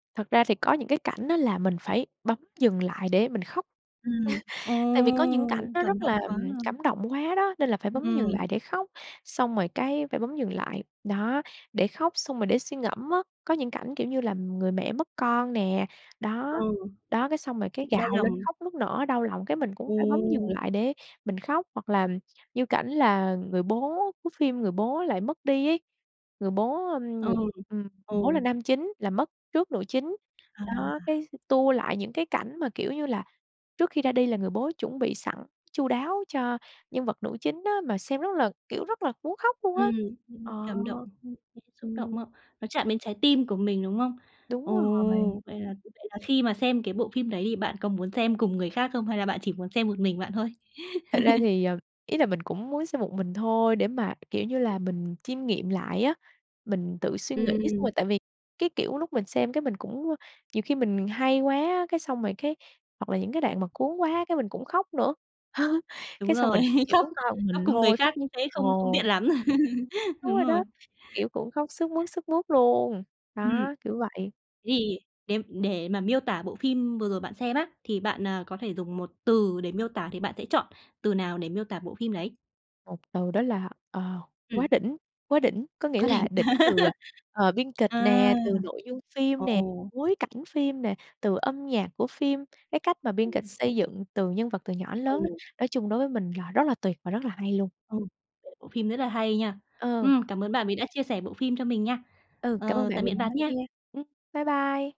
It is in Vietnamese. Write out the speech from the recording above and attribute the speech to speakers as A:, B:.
A: Thật ra thì có những cái cảnh á là mình phải bấm dừng lại để mình khóc.
B: Ừm. Ồ!
A: Tại vì có những cảnh nó
B: Cảm
A: rất là
B: động quá ha!
A: cảm động quá đó, nên là phải
B: Ừm,
A: bấm dừng
B: ừm.
A: lại để khóc. Xong rồi cái phải bấm dừng lại, đó, để khóc xong rồi để suy ngẫm á. Có những cảnh, kiểu như là, người mẹ mất con nè, đó,
B: Ừ.
A: đó, cái xong rồi cái
B: Đau
A: gào lên
B: lòng.
A: khóc nức nở, đau lòng, cái mình cũng phải bấm dừng
B: Ừm.
A: lại để mình khóc. Hoặc là như cảnh là người bố của phim, người bố lại mất đi ấy, người bố, ừm, ng
B: Ừm,
A: ừm, người bố là
B: ừ.
A: nam chính là mất trước nữ chính.
B: À!
A: Đó, cái, ừ, tua lại những cái cảnh mà, kiểu như là, trước khi ra đi là người bố chuẩn bị sẵn chu đáo cho nhân vật nữ chính á, mà xem rất là, kiểu, rất là muốn khóc luôn á.
B: Ừm, ưm.
A: Ờ.
B: Cảm động, [unintelligible] dễ xúc động
A: Ừm.
B: đó. Nó chạm đến trái tim của mình, đúng không?
A: Đúng rồi.
B: Ồ! Vậy là vậy là khi mà xem cái bộ phim đấy thì bạn có muốn xem cùng người khác không hay là bạn chỉ muốn xem một mình bạn thôi?
A: Thật ra thì, ờ, ý là mình cũng muốn xem một mình thôi để mà, kiểu như là, mình chiêm nghiệm lại á. Mình tự suy nghĩ xong
B: Ừm.
A: rồi, tại vì, cái kiểu, lúc mình xem, cái, mình cũng à, nhiều khi mình hay quá á, cái xong rồi cái, hoặc là những cái đoạn mà cuốn quá, cái, mình cũng khóc nữa.
B: Đúng
A: Cái xong, mình
B: rồi.
A: chỉ
B: Khóc
A: muốn coi một
B: khóc
A: mình
B: cùng người
A: thôi.
B: khác như thế không không
A: Ồ!
B: tiện lắm.
A: Đúng
B: Đúng
A: rồi
B: rồi.
A: đó. Kiểu, cũng khóc sướt mướt sướt mướt luôn.
B: Ừm.
A: Đó, kiểu vậy.
B: Thì đếm để mà miêu tả bộ phim vừa rồi bạn xem á, thì bạn, à, có thể dùng 1 từ để miêu tả thì bạn sẽ chọn từ nào để miêu tả bộ phim đấy?
A: 1 từ đó là, ờ, "quá
B: Ừm.
A: đỉnh". Quá đỉnh có nghĩa
B: "Quá
A: là
B: đỉnh"
A: đỉnh từ, ờ, biên kịch
B: À!
A: nè, từ nội dung phim nè,
B: Ồ!
A: bối cảnh phim nè, từ âm nhạc của phim, cái cách mà biên kịch
B: Ừ.
A: xây dựng từ nhân vật từ nhỏ đến lớn á.
B: Ừm.
A: Nói chung đối với mình là rất là tuyệt và rất là hay luôn.
B: Ừ, [unintelligible] bộ phim rất là hay nha.
A: Ờ.
B: Ừm, cảm ơn bạn vì đã chia sẻ bộ phim cho mình nha.
A: Ừ, cảm ơn
B: Ờ,
A: bạn
B: tạm
A: vì
B: biệt
A: đã
B: bạn
A: lắng
B: nha.
A: nghe. Ừm. Bye bye.